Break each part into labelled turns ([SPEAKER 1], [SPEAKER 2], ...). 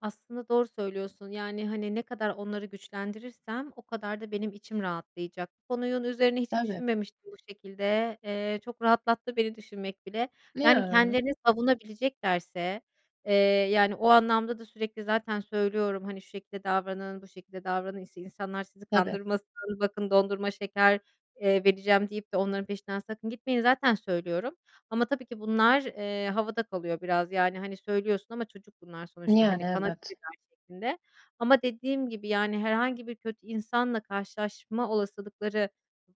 [SPEAKER 1] Aslında doğru söylüyorsun, yani, hani, ne kadar onları güçlendirirsem o kadar da benim içim rahatlayacak. Bu konunun üzerine hiç
[SPEAKER 2] Evet.
[SPEAKER 1] düşünmemiştim bu şekilde. Eee, çok rahatlattı beni düşünmek bile. Yani,
[SPEAKER 2] Ya.
[SPEAKER 1] kendilerini savunabileceklerse, eee, yani, o anlamda da sürekli zaten söylüyorum hani: "Şu şekilde davranın, bu şekilde davranın işte insanlar sizi
[SPEAKER 2] Evet.
[SPEAKER 1] kandırmasın bakın dondurma şeker, eee, vereceğim deyip de onların peşinden sakın gitmeyin." Zaten söylüyorum ama tabii ki bunlar, eee, havada kalıyor biraz. Yani hani söylüyorsun ama çocuk bunlar sonuçta,
[SPEAKER 2] Yani,
[SPEAKER 1] hani,
[SPEAKER 2] evet.
[SPEAKER 1] kanabilirler şeklinde, ama dediğim gibi yani herhangi bir kötü insanla karşılaşma olasılıkları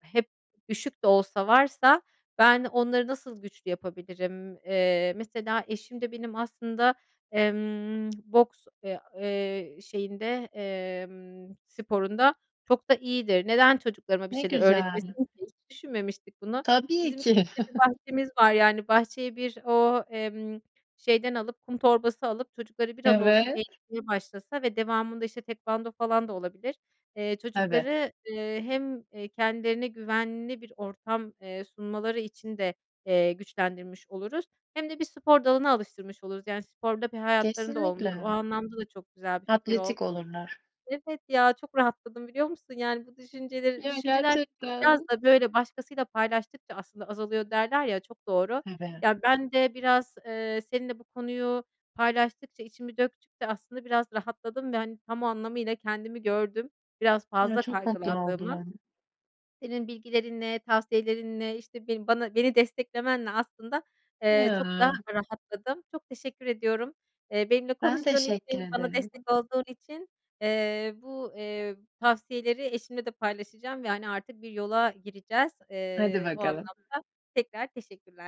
[SPEAKER 1] hep düşük de olsa varsa ben onları nasıl güçlü yapabilirim. Eee, mesela eşim de benim aslında, emm, boks, eee, eee, şeyinde, emm, sporunda çok da iyidir. Neden çocuklarıma bir
[SPEAKER 2] Ne
[SPEAKER 1] şeyler
[SPEAKER 2] güzel.
[SPEAKER 1] öğretmesin ki? Hiç düşünmemiştik bunu.
[SPEAKER 2] Tabii
[SPEAKER 1] Bizim
[SPEAKER 2] ki.
[SPEAKER 1] ülkemizde bir bahçemiz var, yani, bahçeye bir o, emm, şeyden alıp, kum torbası alıp çocukları biraz olsun
[SPEAKER 2] Evet.
[SPEAKER 1] eğitmeye başlasa ve devamında işte tekvando falan da olabilir. Eee,
[SPEAKER 2] Tabii.
[SPEAKER 1] çocukları, eee, hem kendilerine güvenli bir ortam, eee, sunmaları için de, eee, güçlendirmiş oluruz hem de bir spor dalını alıştırmış oluruz, yani, spor da bir hayatlarında olmuşlar o
[SPEAKER 2] Kesinlikle.
[SPEAKER 1] anlamda da çok güzel bir fikir oldu.
[SPEAKER 2] Atletik olurlar.
[SPEAKER 1] Evet, ya çok rahatladım biliyor musun? Yani bu düşünceleri,
[SPEAKER 2] Ya
[SPEAKER 1] düşünceler biraz
[SPEAKER 2] gerçekten.
[SPEAKER 1] da böyle başkasıyla paylaştıkça aslında azalıyor derler ya, çok doğru.
[SPEAKER 2] Evet.
[SPEAKER 1] Ya, ben de biraz, eee, seninle bu konuyu paylaştıkça içimi döktükçe aslında biraz rahatladım ve hani tam anlamıyla kendimi gördüm; biraz
[SPEAKER 2] Ya
[SPEAKER 1] fazla
[SPEAKER 2] çok tatlı oldu
[SPEAKER 1] kaygılandığımı.
[SPEAKER 2] yani.
[SPEAKER 1] Senin bilgilerinle tavsiyelerinle işte bana, beni desteklemenle aslında, eee, çok daha
[SPEAKER 2] Ya.
[SPEAKER 1] rahatladım. Çok teşekkür ediyorum, eee, benimle
[SPEAKER 2] Ben
[SPEAKER 1] konuştuğun
[SPEAKER 2] teşekkür
[SPEAKER 1] için bana
[SPEAKER 2] ederim.
[SPEAKER 1] destek olduğun için, eee, bu, eee, tavsiyeleri eşimle de paylaşacağım ve, hani, artık bir yola gireceğiz.
[SPEAKER 2] Hadi
[SPEAKER 1] Eee, o
[SPEAKER 2] bakalım.
[SPEAKER 1] anlamda tekrar teşekkürler.